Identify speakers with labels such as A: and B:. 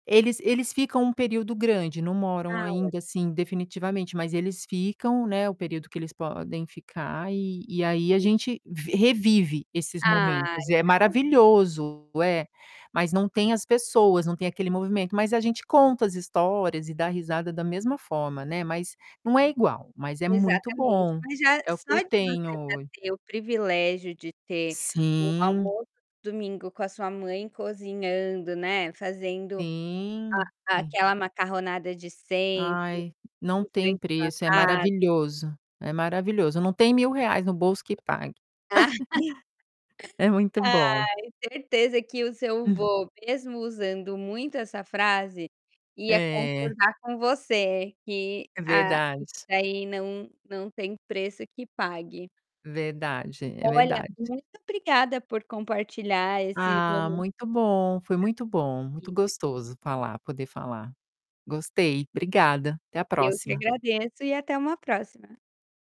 A: Eles eles ficam um período grande, não moram
B: Ah, olha.
A: ainda assim definitivamente, mas eles ficam, né, o período que eles podem ficar, e e aí, a
B: E
A: gente vi revive esses momentos.
B: Ai,
A: É
B: [unintelligible]
A: maravilhoso, é, mas não tem as pessoas. Não tem aquele movimento, mas a gente conta as histórias e dá risada da mesma forma, né, mas não é igual, mas é muito
B: Exatamente,
A: bom.
B: mas já
A: É o que
B: só
A: eu
B: de você já
A: tenho ho
B: ter o privilégio de ter o
A: Sim.
B: almoço de domingo com a sua mãe cozinhando, né, fazendo
A: Sim,
B: a
A: sim.
B: aquela macarronada de sempre
A: Ai, não
B: em
A: tem
B: frente sua
A: preço. É
B: ca
A: maravilhoso. É maravilhoso. Não tem R$1000 no bolso que pague. É muito
B: Ai,
A: bom.
B: certeza que o seu
A: Hum.
B: vô, mesmo usando muito essa frase, ia
A: É.
B: concordar com você que
A: É
B: a isso
A: verdade.
B: daí não não tem preço que pague.
A: Verdade, é
B: Olha,
A: verdade.
B: muito obrigada por compartilhar esse
A: Ah,
B: momen
A: muito bom. Foi muito bom, muito
B: [unintelligible]
A: gostoso falar poder falar. Gostei, obrigada. Até a
B: Eu que
A: próxima.
B: agradeço e até uma próxima.